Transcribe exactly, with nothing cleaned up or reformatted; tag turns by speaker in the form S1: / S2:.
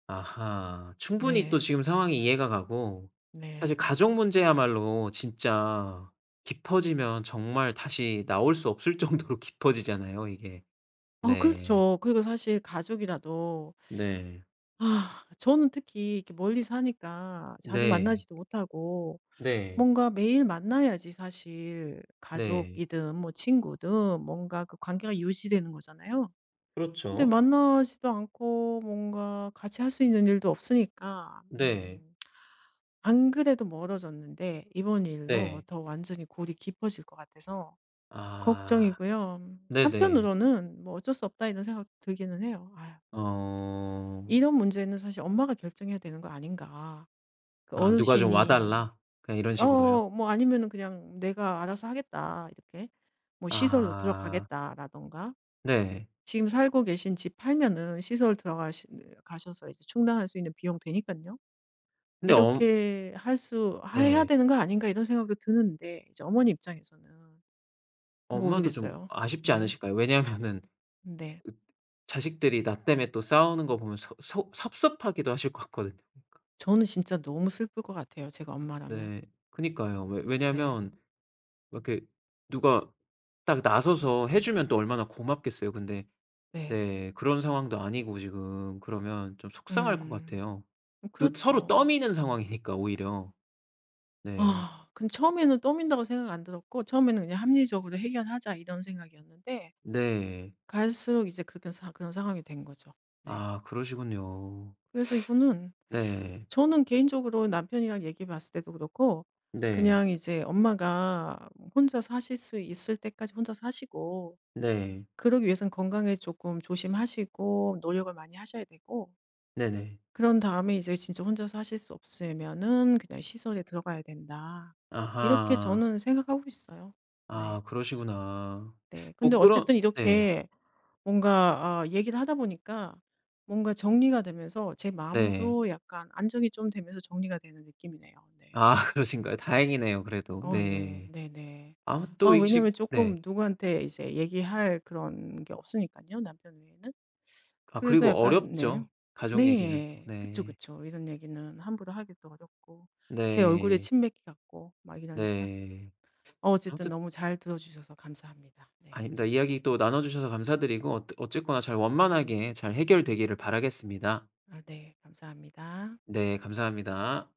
S1: 아하. 충분히 또
S2: 네.
S1: 지금 상황이 이해가 가고 사실
S2: 네.
S1: 가족 문제야말로 진짜 깊어지면 정말 다시 나올 수 없을 정도로 깊어지잖아요 이게.
S2: 아
S1: 네.
S2: 그렇죠. 그리고 사실 가족이라도
S1: 네.
S2: 저는 특히 이렇게 멀리 사니까 자주
S1: 네.
S2: 만나지도 못하고
S1: 네.
S2: 뭔가 매일 만나야지 사실
S1: 네.
S2: 가족이든 뭐 친구든 뭔가 그 관계가 유지되는 거잖아요. 근데
S1: 그렇죠.
S2: 만나지도 않고 뭔가 같이 할 수 있는 일도 없으니까.
S1: 네.
S2: 음. 안 그래도 멀어졌는데 이번 일로
S1: 네.
S2: 더 완전히 골이 깊어질 것 같아서
S1: 아.
S2: 걱정이고요.
S1: 네네.
S2: 한편으로는 '뭐 어쩔 수 없다.' 이런 생각도 들기는 해요. 아
S1: 어.
S2: 이런 문제는 사실 엄마가 결정해야 되는 거 아닌가. 그
S1: 아 "누가 좀 와
S2: 어르신이
S1: 달라." 그냥 이런 식으로요.
S2: 어 뭐 아니면은 그냥 "내가 알아서 하겠다." 이렇게 뭐 "시설로
S1: 아.
S2: 들어가겠다."라든가.
S1: 네.
S2: 지금 살고 계신 집 팔면은 시설 들어가시는 가셔서 이제 충당할 수 있는 비용 되니깐요.
S1: 근데 엄
S2: '이렇게 할 수 하 해야
S1: 네.
S2: 되는 거 아닌가.' 이런 생각도 드는데 이제 어머니 입장에서는
S1: 엄마도 좀
S2: 모르겠어요.
S1: 아쉽지
S2: 네.
S1: 않으실까요? 왜냐면은
S2: 네.
S1: [unintelligible] 자식들이 나 땜에 또 싸우는 거 보면 서 속 섭섭하기도 하실 것 같거든요. 그
S2: 저는 진짜 너무 슬플 것 같아요 제가 엄마라면.
S1: 네. 그니까요. 왜
S2: 네.
S1: 왜냐면 이렇게 누가 딱 나서서 해주면 또 얼마나 고맙겠어요. 근데
S2: 네.
S1: 네. 그런 상황도 아니고 지금 그러면 좀 속상할 것
S2: 음.
S1: 같아요.
S2: 음
S1: 또 서로
S2: 그렇죠.
S1: 떠미는 상황이니까 오히려. 네.
S2: 근데 처음에는 떠민다고 생각 안 들었고 처음에는 그냥 '합리적으로 해결하자.' 이런 생각이었는데
S1: 네.
S2: 갈수록 이제 그렇게 된 그런 상황이 된 거죠. 네.
S1: 아. 그러시군요.
S2: 그래서 이거는
S1: 네.
S2: 저는 개인적으로 남편이랑 얘기해 봤을 때도 그렇고
S1: 네.
S2: 그냥 이제 엄마가 뭐 혼자 사실 수 있을 때까지 혼자 사시고
S1: 네.
S2: 그러기 위해선 건강에 쪼끔 조심하시고 노력을 많이 하셔야 되고
S1: 네네.
S2: 그런 다음에 '이제 진짜 혼자 사실 수 없세면은 그냥 시설에 들어가야 된다.' 이렇게
S1: 아하.
S2: 저는 생각하고 있어요. 네.
S1: 아. 그러시구나.
S2: 네.
S1: 뭐
S2: 근데
S1: 그런
S2: 어쨌든
S1: 네.
S2: 이렇게 뭔가 아 얘기를 하다 보니까 뭔가 정리가 되면서 제 마음은
S1: 네.
S2: 또 약간 안정이 좀 되면서 정리가 되는 느낌이네요. 네.
S1: 아 그러신가요? 다행이네요 그래도.
S2: 어 네.
S1: 네.
S2: 네네.
S1: 아
S2: 아
S1: 또 이 지
S2: 왜냐하면
S1: 네.
S2: 조금 누구한테 이제 얘기할 그런 게 없으니깐요 남편 외에는.
S1: 아
S2: 그래서
S1: 그리고
S2: 약간 네.
S1: 어렵죠 가족 얘기는 또.
S2: 네. 그쵸,
S1: 네.
S2: 그쵸. 이런 얘기는 함부로 하기도 어렵고. 제 얼굴에
S1: 네.
S2: 침 뱉기 같고 막 이러니까.
S1: 네.
S2: 어 어쨌든
S1: 아무튼
S2: 너무 잘 들어주셔서 감사합니다. 네.
S1: 아닙니다. 이야기 또 나눠 주셔서 감사드리고 어 어쨌거나 잘 원만하게 잘 해결되기를 바라겠습니다.
S2: 아 네. 감사합니다.
S1: 네. 감사합니다.